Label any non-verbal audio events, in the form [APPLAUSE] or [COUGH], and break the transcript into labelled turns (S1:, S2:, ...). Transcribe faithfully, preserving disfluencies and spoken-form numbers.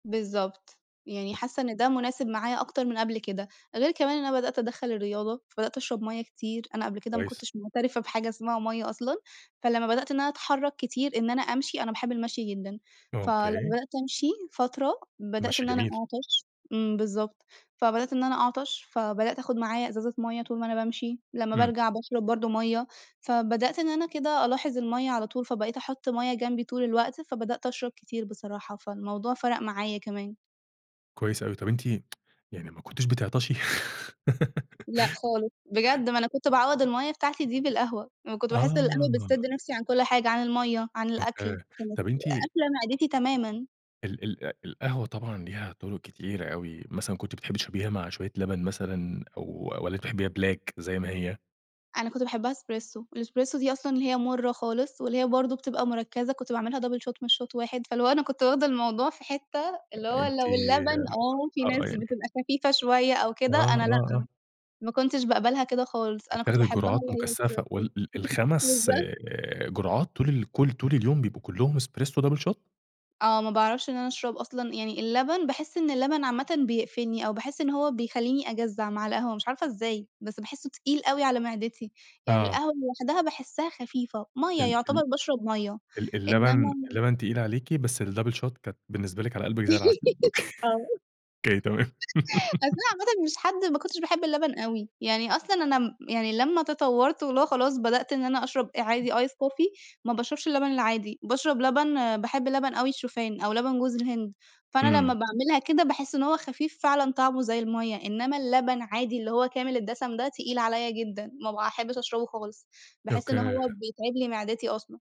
S1: بالضبط. يعني
S2: طاب
S1: حاسّة إن ده مناسب معايا أكتر من قبل كده، غير كمان إن أنا بدأت أدخل الرياضة فبدأت أشرب مَيّة كتير، أنا قبل كده ما
S2: كويس.
S1: كنتش معترفة بحاجة اسمها مَيّة أصلًا، فلما بدأت إن أنا أتحرك كتير إن أنا أمشي أنا باحب المشي جدًا، فلما
S2: أوكي.
S1: بدأت أمشي فترة، بدأت
S2: المَشي
S1: إن أنا
S2: جميل.
S1: أعطش امم، بالضبط. فبدأت إن أنا أعطش، فبدأت أخد معايا ازازة مَيّة طول ما أنا بامشي لمّا
S2: امم.
S1: بارجع باشرب برضو مَيّة، فبدأت إن أنا كده ألاحظ المَيّة على طول، فبقيت أحط مَيّة جنبي طول الوقت، فبدأت أشرب كتير بصراحة، فالموضوع فرق معايا كمان.
S2: كويس أوي، طب أنتِ [TSK] يعني ما كنتيش بتعطشي؟
S1: لأ، خالص.
S2: [LAUGHS]
S1: بجد ما أنا كنت باعوَّض المَيّة بتاعتي دي بالقهوة، أنا كنت باحس القهوة بتسد
S2: آه.
S1: نفسي عن كل حاجة عن المَيّة عن الأكل،
S2: أوكي.
S1: كانت
S2: طيب أنتِ
S1: قافلة معدتي تمامًا.
S2: ال ال القهوة طبعًا ليها طرق كتيرة أوي، مثلًا كنتِ بتحبي تشربيها مع شويّة لبن مثلًا، أو والّا أنتِ بتحبيها black زي ما هي؟
S1: أنا كنت باحبها إسبريسو، الإسبريسو دي أصلًا هي مُرة خالص، واللي هي برضو بتبقى مركزة، كنت باعملها double shot مش shot واحد فاللي هو أنا كنت واخدة الموضوع في حتّة اللي هو
S2: أنتِ
S1: لو اللبن آه، في
S2: آه،
S1: ناس
S2: يعني
S1: بتبقى خفيفة شويّة أو
S2: آه،
S1: كده، أنا لأ،
S2: آه، آه.
S1: ما كنتش باقبلها كده خالص أنا كنت
S2: بتاخدي
S1: باحبها
S2: جرعات
S1: اللي هي
S2: مكثفة
S1: إسبريسو.
S2: وال ال
S1: [GIGGLES]
S2: الخَمس
S1: بالضبط.
S2: آآ، جرعات طول ال كل طول اليوم بيبقوا كلّهم إسبريسو double shot؟
S1: آه، ما باعرفش إن أنا أشرب أصلًا يعني اللبن باحس إن اللبن عامةً بيقفلني أو باحس إن هو بيخليني أجزع مع القهوة مش عارفة إزاي، بس باحسه تقيل أوي على معدتي، يعني
S2: آه.
S1: القهوة لوحدها باحسها خفيفة مَيّة
S2: ال
S1: يعتبر
S2: ال
S1: باشرب مَيّة
S2: ال
S1: إنّما
S2: اللبن
S1: ال
S2: اللبن تقيل عليكِ بس ال double shot كانت بالنسبة لكِ على قلبك زي العسل. أوكي،
S1: [GIGGLES] آه،
S2: أوكي تمام.
S1: أصل أنا
S2: [LAUGHS]
S1: عامةً مش حد ما كنتش باحب اللبن أوي، يعني أصلًا أنا م يعني لمّا تطورت واللي هو خلاص بدأت إن أنا أشرب آآ عادي ice coffee ما باشربش اللبن العادي، باشرب لبن باحب لبن أوي الشوفان أو لبن جوز الهند، فأنا لمّا
S2: امم.
S1: باعملها كده باحس إن هو خفيف فعلًا طعمه زي المَيّة، إنّما اللبن عادي اللي هو كامل الدسم ده تقيل عليَّ جدًا، ما باحبش أشربه خالص، باحس إن هو
S2: أوكي.
S1: بيتعب لي معدتي أصلًا.